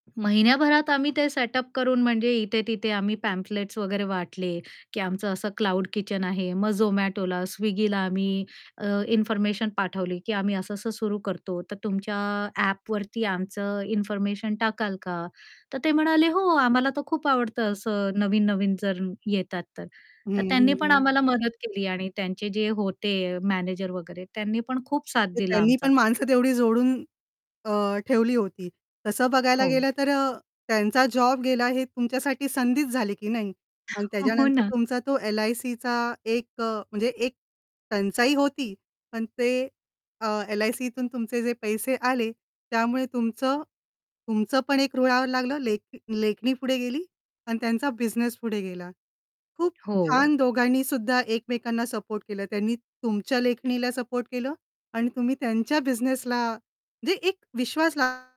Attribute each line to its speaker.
Speaker 1: महिन्याभरात आम्ही ते सेटअप करून म्हणजे इथे-तिथे आम्ही पॅम्फलेट्स वगैरे वाटले, की आमचं असं क्लाउड किचन आहे. मग Zomatoला, Swiggyला आम्ही अ, इन्फॉर्मेशन पाठवली, की आम्ही असं-असं सुरू करतो, तर तुमच्या ॲपवरती आमचं इन्फॉर्मेशन टाकाल का? तर ते म्हणाले, "हो, आम्हाला तर खूप आवडतं असं नवीन-नवीन जर येतात तर."
Speaker 2: हं,
Speaker 1: तर
Speaker 2: हं,
Speaker 1: त्यांनी पण
Speaker 2: हं.
Speaker 1: आम्हाला मदत केली आणि त्यांचे जे होते मॅनेजर वगैरे, त्यांनी पण खूप साथ
Speaker 2: ते
Speaker 1: दिला
Speaker 2: त्यांनी
Speaker 1: आमचा.
Speaker 2: पण माणसं तेवढी जोडून अ, ठेवली होती. तसं बघायला
Speaker 1: हो.
Speaker 2: गेलं तर अ, त्यांचा जॉब गेला, हे तुमच्यासाठी संधीच झाली की नाही? आणि
Speaker 1: हो
Speaker 2: त्याच्यानंतर
Speaker 1: ना.
Speaker 2: तुमचा तो एल-आय-सीचा एक अ, म्हणजे एक टंचाई होती, पण ते अ, एल-आय-सीतून तुमचे जे पैसे आले, त्यामुळे तुमचं तुमचं पण एक रुळावर लागलं, लेख लेखणी पुढे गेली आणि त्यांचा बिझनेस पुढे गेला. खूप
Speaker 1: हो.
Speaker 2: छान दोघांनी सुद्धा एकमेकांना सपोर्ट केलं, त्यांनी तुमच्या लेखणीला सपोर्ट केलं आणि तुम्ही त्यांच्या बिझनेसला म्हणजे एक विश्वास ला